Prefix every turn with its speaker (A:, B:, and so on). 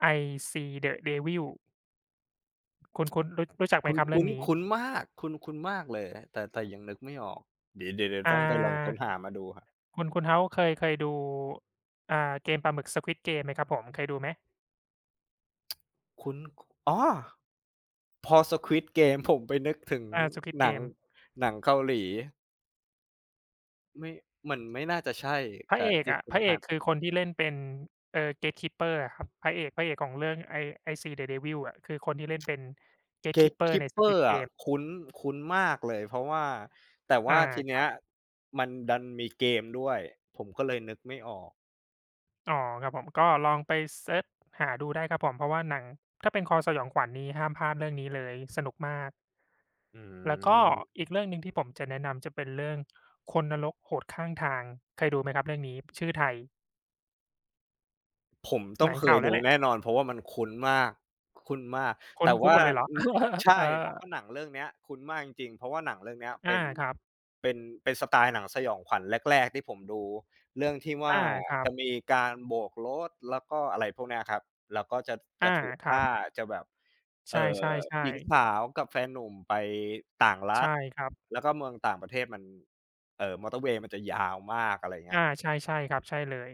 A: I Saw the Devil คุณ คุณรู้จักไ
B: ค
A: หม
B: ุ้น
A: ครับ
B: ค
A: เรื่องนี้?
B: ุ้นมาก คุ้น คุ้นมากเลย แต่ แต่ยังนึกไม่ออก เดี๋ยว เดี๋ยว เดี๋ยว
A: อ่า
B: ต้องไปลองค้นหามาดูครับ
A: คุณ คุณเฮ้าส์เคย เคยดู อ่า เกมปลาหมึก Squid Game เกมไหมครับผม เคยดูไหม?
B: คุ้น อ๋อ พอ Squid Game ผมไปนึกถึง
A: อ่า Squid Game
B: ห
A: เ
B: น
A: ก
B: ัง
A: ม
B: หนังเกาหลี ไม่ มันไม่น่าจะใช่
A: พ
B: ก
A: ระ
B: ะ
A: เอก
B: ที่
A: อะ
B: คุ
A: พ
B: ณ
A: ระเอ
B: ฮั
A: ก
B: น
A: คือคนที่เล่นเป็น เอ่อ Gatekeeper อะครับ พระเอก พระเอกของเรื่องไอ้ I Saw the Devil อะ คือคนที่เล่นเป็น
B: Gate
A: Gatekeeper ใน
B: keeper
A: Squid
B: อะ
A: Game
B: คุ้น คุ้นมากเลย เพราะว่า แต่ว
A: อ่
B: ่
A: า
B: าทีเ
A: ค
B: น
A: ร
B: ี
A: ั
B: ้ย
A: บ
B: มันดันมีเกมด้วย ผมก็เลยนึกไม่ออก
A: อ๋อ ครับผม ก็ลองไปเสิร์จหาดูได้ครับผม เพราะว่าหนัง ถ้าเป็นคอสยองขวัญนี่ ห้ามพลาดเรื่องนี้เลย สนุกมาก
B: อื
A: แล้วก็
B: ม
A: อีกเรื่องหนึ่งที่ผมจะแนะนำ จะเป็นเรื่อง คนนรกโหดข้างทาง เคยดูไหมครับเรื่องนี้ ชื่อไทย?
B: ผมต้อ
A: หน
B: ง
A: ัง
B: เค
A: เก่า
B: ย
A: แล
B: ด
A: ้
B: ู
A: วแหละ
B: แน่นอน เพราะว่ามันคุ้นมาก คุ้นมาก
A: คุ
B: แต
A: ้น
B: ่
A: ค
B: ว
A: ุ้
B: ่
A: นม
B: า
A: หมดเลยหรอ
B: อ ใช
A: เอ
B: ่
A: อ?
B: เพราะว่าหนังเรื่องเนี้ย คุ้นมากจริง ๆ เพราะว่าหนังเรื่องเนี้ย
A: อ
B: เป
A: า
B: ็น
A: ครับ
B: เป็น เป็นสไตล์หนังสยองขวัญแรก ๆ ที่ผมดู เรื่องที่ว
A: อ
B: ่า
A: า ครั
B: จ
A: บ
B: ะมีการโบกรถ แล้วก็อะไรพวกเนี้ยครับ แล้วก็จะ จ
A: อา
B: ะถูก
A: ค
B: ฆ
A: รั
B: ่า
A: บ
B: จะแบบ
A: ใ
B: เ
A: ช
B: อ่อ
A: ่
B: หญิง
A: ๆ ๆ
B: สาวกับแฟนหนุ่มไป ต่างร
A: ใ
B: ั
A: ช่
B: ฐ
A: ครับ
B: แล้วก็เมืองต่างประเทศมัน เอ่อ มอเตอร์เวย์มันจะยาวมาก อะไรอย่างเงี
A: อ่
B: ้
A: า
B: ย
A: ใช่ ๆ ครับ ใช่เลย